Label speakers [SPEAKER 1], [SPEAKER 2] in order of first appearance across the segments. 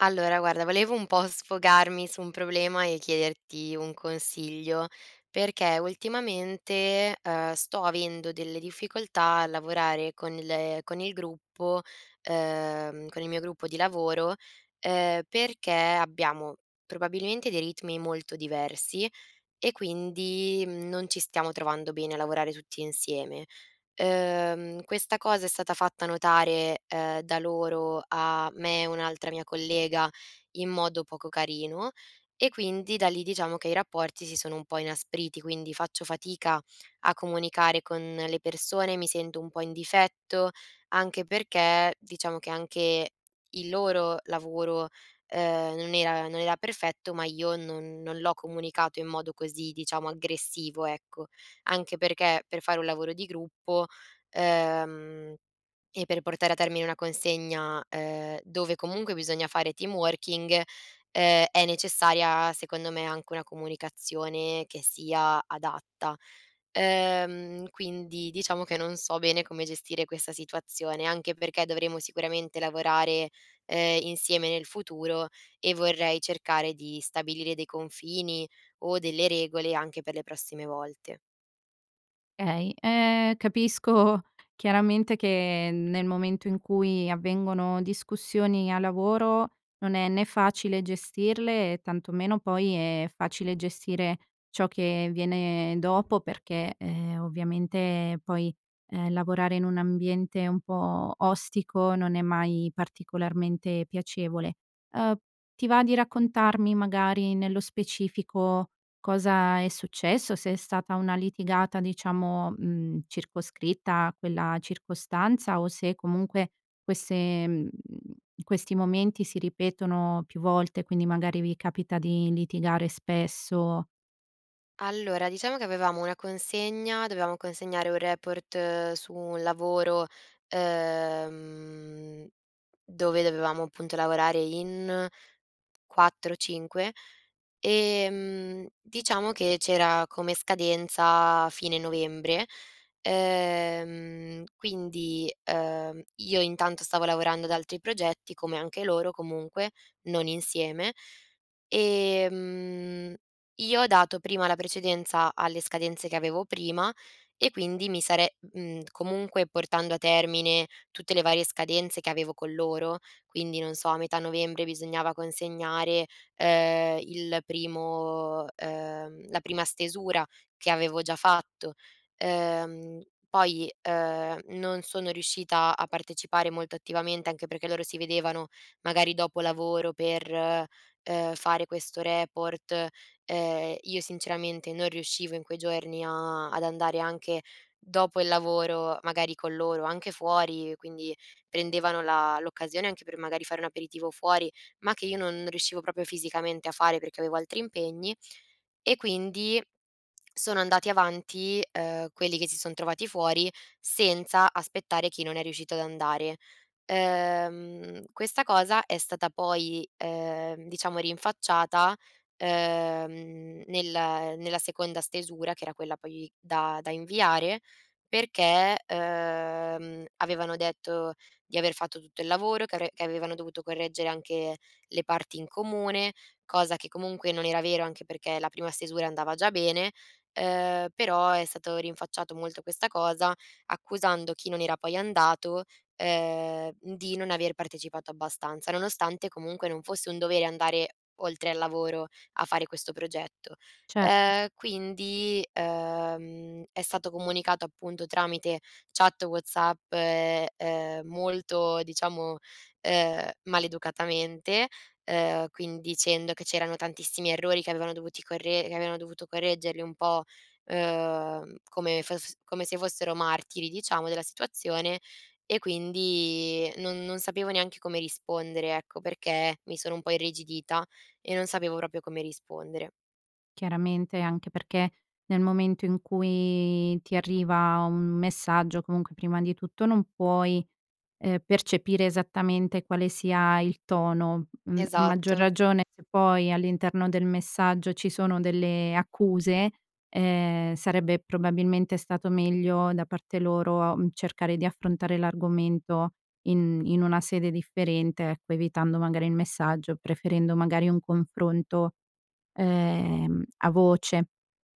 [SPEAKER 1] Allora guarda volevo un po' sfogarmi su un problema e chiederti un consiglio, perché ultimamente, ehm, sto avendo delle difficoltà a lavorare con le con il gruppo ehm, con il mio gruppo di lavoro, ehm, perché abbiamo probabilmente dei ritmi molto diversi, e quindi, mhmm, non ci stiamo trovando bene a lavorare tutti insieme. Ehm, questa cosa è stata fatta notare, ehm, da loro a me e un'altra mia collega in modo poco carino, e quindi da lì diciamo che i rapporti si sono un po' inaspriti, quindi faccio fatica a comunicare con le persone, mi sento un po' in difetto, anche perché diciamo che anche il loro lavoro, ehm, non era non era perfetto ma io non non l'ho comunicato in modo così, diciamo, aggressivo, ecco. Anche perché, per fare un lavoro di gruppo, ehm, e per portare a termine una consegna, ehm, dove comunque bisogna fare team working, ehm, è necessaria secondo me anche una comunicazione che sia adatta. Ehm, quindi diciamo che non so bene come gestire questa situazione, anche perché dovremo sicuramente lavorare, ehm, insieme nel futuro, e vorrei cercare di stabilire dei confini, o delle regole anche per le prossime volte.
[SPEAKER 2] Okay, ehm, capisco chiaramente che nel momento in cui avvengono discussioni a lavoro non è né facile gestirle, e tanto meno poi è facile gestire ciò che viene dopo, perché, ehm, ovviamente poi, ehm, lavorare in un ambiente un po' ostico non è mai particolarmente piacevole. Uhm, ti va di raccontarmi magari nello specifico cosa è successo? Se è stata una litigata diciamo, mhmm, circoscritta a quella circostanza, o se comunque queste, mhmm questi momenti si ripetono più volte, quindi magari vi capita di litigare spesso
[SPEAKER 1] Allora, diciamo che avevamo una consegna, dovevamo consegnare un report su un lavoro, ehm, dove dovevamo appunto lavorare in 4, 5 ehm, diciamo che c'era come scadenza fine novembre. Ehm, quindi, ehm, io intanto stavo lavorando ad altri progetti, come anche loro comunque, non insieme. Ehm, io ho dato prima la precedenza alle scadenze che avevo prima, e quindi mi sare mhmm, comunque portando a termine tutte le varie scadenze che avevo con loro, quindi non so a metà novembre bisognava consegnare, ehm, il primo, ehm, la prima stesura che avevo già fatto. Ehm, poi, ehm, non sono riuscita a partecipare molto attivamente, anche perché loro si vedevano magari dopo lavoro per, ehm, fare questo report. E io sinceramente non riuscivo in quei giorni a ad andare anche dopo il lavoro, magari con loro, anche fuori, quindi prendevano la l'occasione anche per magari fare un aperitivo fuori, ma che io non riuscivo proprio fisicamente a fare, perché avevo altri impegni. E quindi, sono andati avanti, ehm, quelli che si son trovati fuori senza aspettare chi non è riuscito ad andare. Ehm, questa cosa è stata poi, ehm, diciamo rinfacciata, uhm, nella nella seconda stesura che era quella poi da da inviare perché, ehm, avevano detto di aver fatto tutto il lavoro che avre che avevano dovuto correggere anche le parti in comune, cosa che comunque non era vero, anche perché la prima stesura andava già bene. Ehm, però è stato rinfacciato molto questa cosa, accusando chi non era poi andato, ehm, di non aver partecipato abbastanza, nonostante comunque non fosse un dovere andare oltre al lavoro a fare questo progetto.
[SPEAKER 2] Certo.
[SPEAKER 1] Ehm, quindi, ehm, è stato comunicato appunto tramite chat WhatsApp, e, ehm, molto diciamo, ehm, maleducatamente, ehm, quindi dicendo che c'erano tantissimi errori, che avevano dovuti corre che avevano dovuto correggerli un po', uhm, come fes come se fossero martiri diciamo della situazione, e quindi non non sapevo neanche come rispondere ecco, perché mi sono un po' irrigidita e non sapevo proprio come rispondere.
[SPEAKER 2] Chiaramente, anche perché nel momento in cui ti arriva un messaggio, comunque prima di tutto non puoi, ehm, percepire esattamente quale sia il tono, mhmm, maggior
[SPEAKER 1] Esatto.
[SPEAKER 2] ragione se poi all'interno del messaggio ci sono delle accuse, ehm, sarebbe probabilmente stato meglio da parte loro, mhmm, cercare di affrontare l'argomento in in una sede differente, ecco, evitando magari il messaggio, preferendo magari un confronto, ehm, a voce.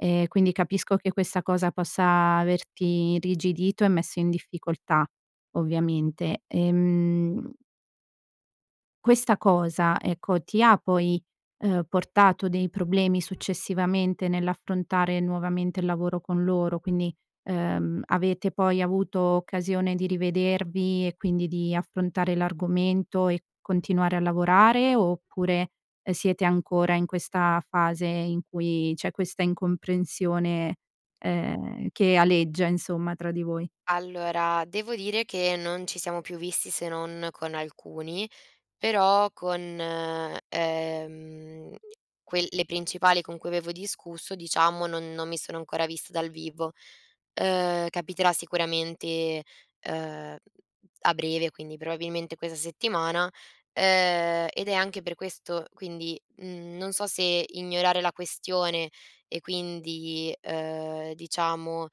[SPEAKER 2] E quindi capisco che questa cosa possa averti irrigidito e messo in difficoltà, ovviamente. Ehm questa cosa, ecco, ti ha poi, ehm, portato dei problemi successivamente nell'affrontare nuovamente il lavoro con loro? Quindi, ehm, avete poi avuto occasione di rivedervi, e quindi di affrontare l'argomento e continuare a lavorare, oppure, ehm, siete ancora in questa fase in cui c'è questa incomprensione, ehm, che aleggia insomma tra di voi?
[SPEAKER 1] Allora, devo dire che non ci siamo più visti se non con alcuni, però con, ehm, que le principali con cui avevo discusso, diciamo, non non mi sono ancora vista dal vivo. Uhm, capiterà sicuramente, uhm, a breve quindi probabilmente questa settimana, ehm, ed è anche per questo quindi, mhmm, non so se ignorare la questione e quindi, uhm, diciamo,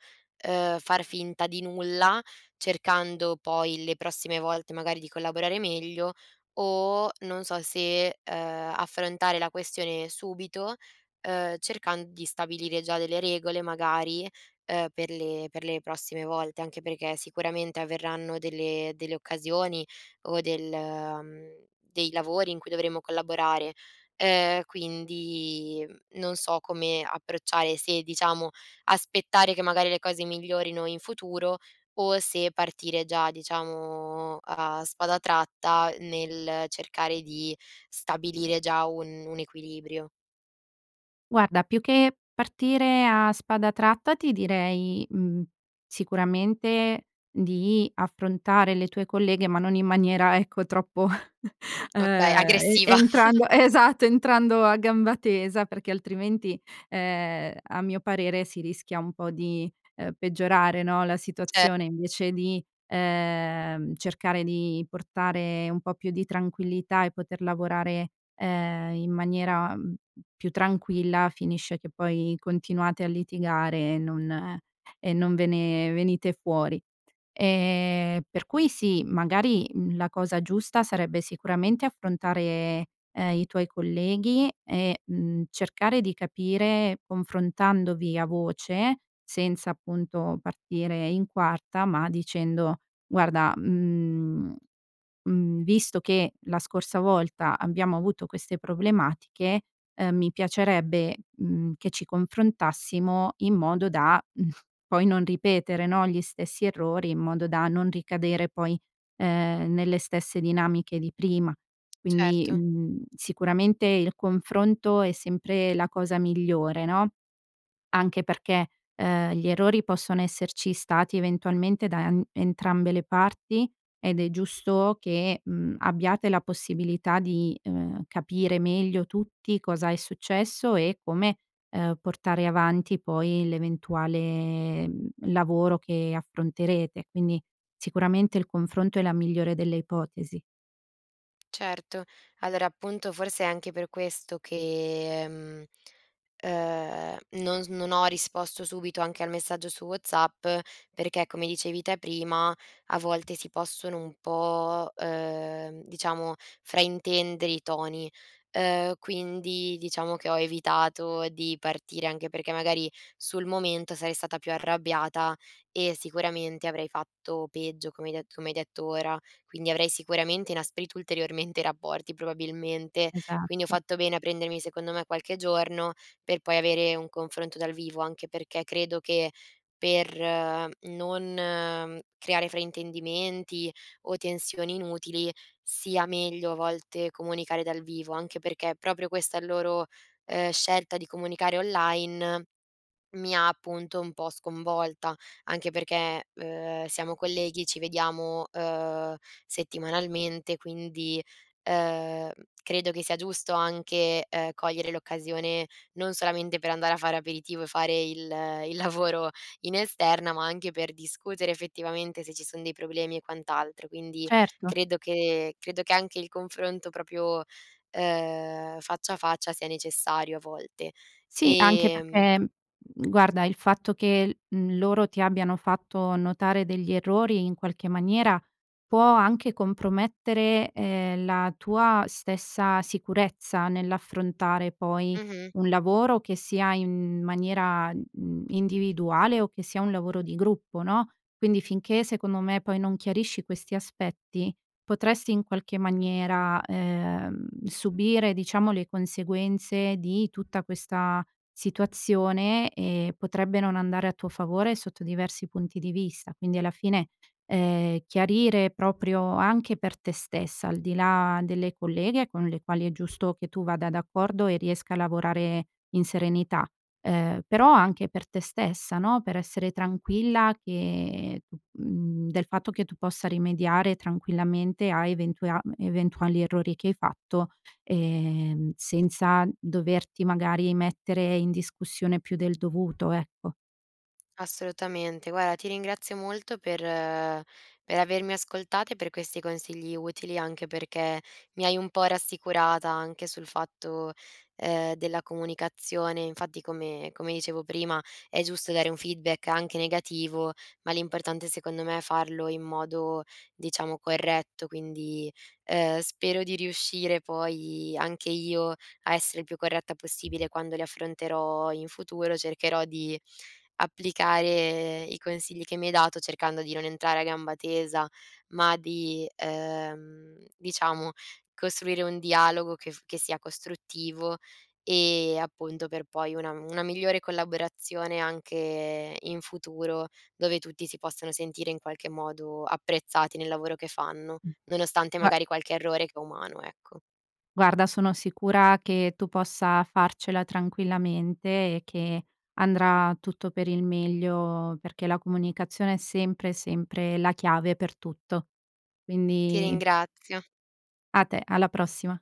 [SPEAKER 1] uhm, far finta di nulla, cercando poi le prossime volte magari di collaborare meglio, o non so se, ehm, affrontare la questione subito, uhm, cercand di stabilire già delle regole magari, ehm, per le per le prossime volte, anche perché sicuramente avverranno delle delle occasioni, o del mhmm, dei lavori in cui dovremo collaborare. Ehm, quindi, mhmm, non so come approcciare, se, diciamo, aspettare che magari le cose migliorino in futuro, o se partire già, diciamo, a a spada tratta nel cercare di stabilire già un un equilibrio.
[SPEAKER 2] Guarda più che, partire a spada tratta ti direi, mhmm, sicuramente di affrontare le tue colleghe ma non in maniera ecco, troppo,
[SPEAKER 1] Okay,
[SPEAKER 2] ehm, e
[SPEAKER 1] aggressiva.
[SPEAKER 2] entrando esatto, entrando a gamba tesa perché altrimenti, ehm, a mio parere si rischia un po' di, uhm, peggiorare no la
[SPEAKER 1] Ce
[SPEAKER 2] situazione invece di, ehm, cercare di portare un po' più di tranquillità e poter lavorare, ehm, in maniera, mhmm, più tranquilla, finisce che poi continuate a litigare e non e non ve ne venite fuori. Ehm, per cui sì, magari la cosa giusta sarebbe sicuramente affrontare, ehm, i tuoi colleghi e, mhmm, cercare di capire confrontandovi a voce, senza appunto partire in quarta, ma dicendo: guarda, mhmm, mhmm, visto che, la scorsa volta, abbiamo avuto queste problematiche, uhm, mi piacerebbe, mhmm, che ci confrontassimo in modo da, poi non ripetere no, gli stessi errori, in modo da non ricadere poi, ehm, nelle stesse dinamiche di prima. Quindi,
[SPEAKER 1] Certo.
[SPEAKER 2] mhmm, sicuramente il confronto è sempre la cosa migliore no? Anche perché, ehm, gli errori possono esserci stati eventualmente da n entrambe le parti, ed è giusto che, mhmm, abbiate la possibilità di, uhm, capire meglio tutti, cosa è successo e come, uhm, portare avanti poi, l'eventuale, mhmm, lavoro che affronterete. Quindi, sicuramente il confronto è la migliore delle ipotesi.
[SPEAKER 1] Certo! Allora, appunto forse è anche per questo che, mhmm, ehm, non non ho risposto subito anche al messaggio su WhatsApp, perché come dicevi te prima, a volte si possono un po', uhm, diciamo, fraintendere i toni. Ehm, quindi diciamo che ho evitato di partire, anche perché magari sul momento sarei stata più arrabbiata e sicuramente avrei fatto peggio, come hai de come hai detto ora. Quindi avrei sicuramente inasprito ulteriormente rapporti probabilmente, quindi ho
[SPEAKER 2] Esatto.
[SPEAKER 1] fatto bene a prendermi secondo me qualche giorno, per poi avere un confronto dal vivo. Anche perché, credo che, per non creare fraintendimenti, o tensioni inutili, sia meglio a volte comunicare dal vivo, anche perché proprio questa è il loro, ehm, scelta di comunicare online, mi ha appunto un po' sconvolta. Anche perché, uhm, siamo colleghi ci vediamo, uhm, settimanalmente quindi, ehm, credo che sia giusto anche, ehm, cogliere l'occasione non solamente per andare a fare aperitivo, e fare il il lavoro in esterna ma anche per discutere effettivamente se ci son dei problemi e quant'altro, quindi
[SPEAKER 2] Certo.
[SPEAKER 1] credo che credo che anche il confronto proprio, uhm, faccia a faccia sia necessario a volte.
[SPEAKER 2] Sì anche
[SPEAKER 1] Ehm
[SPEAKER 2] perché, mhmm, guarda il fatto che, mhmm, loro ti abbiano fatto notare degli errori in qualche maniera può anche compromettere, ehm, la tua stessa sicurezza nell'affrontare poi
[SPEAKER 1] Mh-mh.
[SPEAKER 2] un lavoro che sia in maniera, n n individuale o che sia un lavoro di gruppo, no? Quindi finché secondo me poi non chiarisci questi aspetti, potresti in qualche maniera, ehm, subire diciamo le conseguenze di tutta questa situazione, e potrebbe non andare a tuo favore sotto diversi punti di vista. Quindi alla fine, ehm, chiarire proprio anche per te stessa, al di là delle colleghe con le quali è giusto che tu vada d'accordo e riesca a lavorare in serenità. Ehm, però anche per te stessa, no? Per essere tranquilla che [unintelligible] mhmm, del fatto che tu possa rimediare tranquillamente a eventuea eventuali errori che hai fatto, ehm, senza doverti magari mettere in discussione più del dovuto, ecco.
[SPEAKER 1] Assolutamente. Guarda ti ringrazio molto per per avermi ascoltate per questi consigli utili, anche perché mi hai un po' rassicurata anche sul fatto, ehm, della comunicazione, infatti come come dicevo prima, è giusto dare un feedback anche negativo, ma l'importante secondo me è farlo in modo, diciamo, corretto. Quindi, ehm, spero di riuscire poi, anche io, a essere il più corretta possibile quando li affronterò in futuro, cercherò di applicare i consigli che mi hai dato, cercando di non entrare a gamba tesa, ma di, ehm, diciamo costruire un dialogo che f che sia costruttivo, e appunto per poi una una migliore collaborazione anche in futuro, dove tutti si possono sentire in qualche modo apprezzati nel lavoro che fanno, nonostante
[SPEAKER 2] Gua
[SPEAKER 1] magari qualche errore che è umano, ecco.
[SPEAKER 2] Guarda sono sicura che tu possa farcela tranquillamente e che andrà tutto per il meglio perché la comunicazione è sempre sempre la chiave per tutto.
[SPEAKER 1] Ti
[SPEAKER 2] Quindi
[SPEAKER 1] ringrazio.
[SPEAKER 2] A te, alla prossima.